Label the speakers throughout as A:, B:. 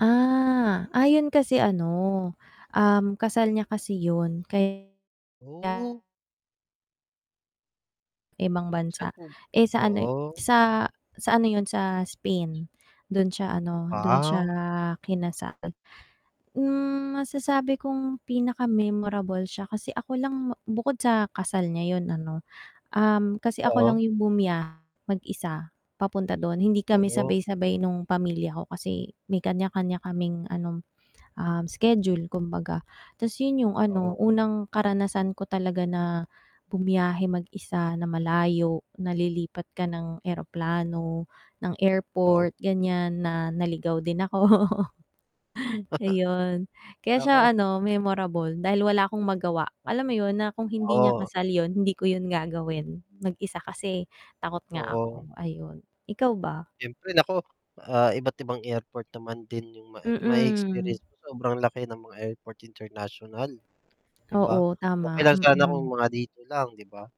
A: Ah, ah, 'yun kasi ano, um, kasal niya kasi 'yun kay
B: Oh.
A: Ibang
B: Sa'n
A: bansa,
B: po
A: eh, sa ano, eh,
B: oo, o.
A: sa sa ano 'yun sa Spain dun siya ano dun siya
B: Aw.
A: kinasal. Hmm, masasabi kong pinaka-memorable siya kasi ako lang bu bukod sa kasal niya 'yun ano, um, kasi ako lang
B: Oho.
A: 'yung bumiyahe mag-isa papunta do'n, hindi kami
B: Oho.
A: sabay-sabay nung pamilya ko kasi may kanya-kanya kaming ano, um, schedule kumbaga. 'Tas 'yun 'yung ano,
B: Oho.
A: unang karanasan ko talaga na bumiyahe mag-isa na malayo, na lilipat ka ng eroplano, ng
B: Oo.
A: airport ganiyan, na naligaw din ako. Ayun, kaya siya
B: Nako.
A: ano memorable dahil wala akong magawa, alam mo 'yun na kung hindi niya
B: Oo.
A: kasal 'yun, hindi ko 'yun gagawin mag-isa kasi takot nga
B: Oo.
A: ako ayun, ikaw ba?
B: Siyempre, naku, ah, iba't ibang airport naman din 'yung mae
A: Mm.
B: ma-e-experience mo sobrang laki ng mga airport international 'di ba?
A: Oo,
B: Okey
A: tama.
B: lang sana kung
A: Mm.
B: mga dito lang 'di ba,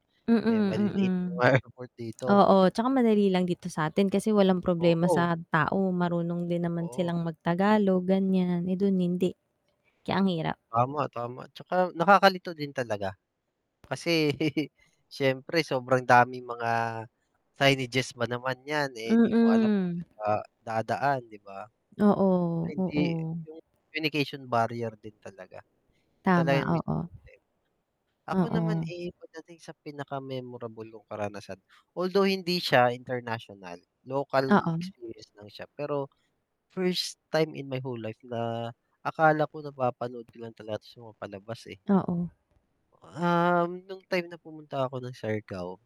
B: eh,
A: Mm,
B: maliliit
A: mm.
B: yung mga airport dito.
A: Oo, 'tsaka madali lang dito sa'tin kasi walang problema
B: Oo.
A: sa tao, marunong din naman
B: Oo.
A: silang magtagalog ganiyan, eh, dun hindi. Kaya ang hirap.
B: Tama, tama. 'Tsaka nakakalito din talaga, kasi siyempre sobrang daming mga signages ba naman 'yan, eh, 'di mo alam kung
A: Mm.
B: sa'n ka dadaan, 'di ba?
A: Oo,
B: [unintelligible]
A: oo.
B: 'Yung communication barrier din talaga, 'yun talaga
A: Tama,
B: 'yung
A: oo.
B: [unintelligible] Ako naman,
A: Oo.
B: eh, pagdating sa pinaka-memorable kong karanasan, although hindi siya international, local
A: Oo.
B: experience lang siya, pero first time in my whole life na akala ko napapanood ko lang talaga 'to sa mga palabas, eh.
A: Oo.
B: Um, nung time na pumunta ako ng Siargao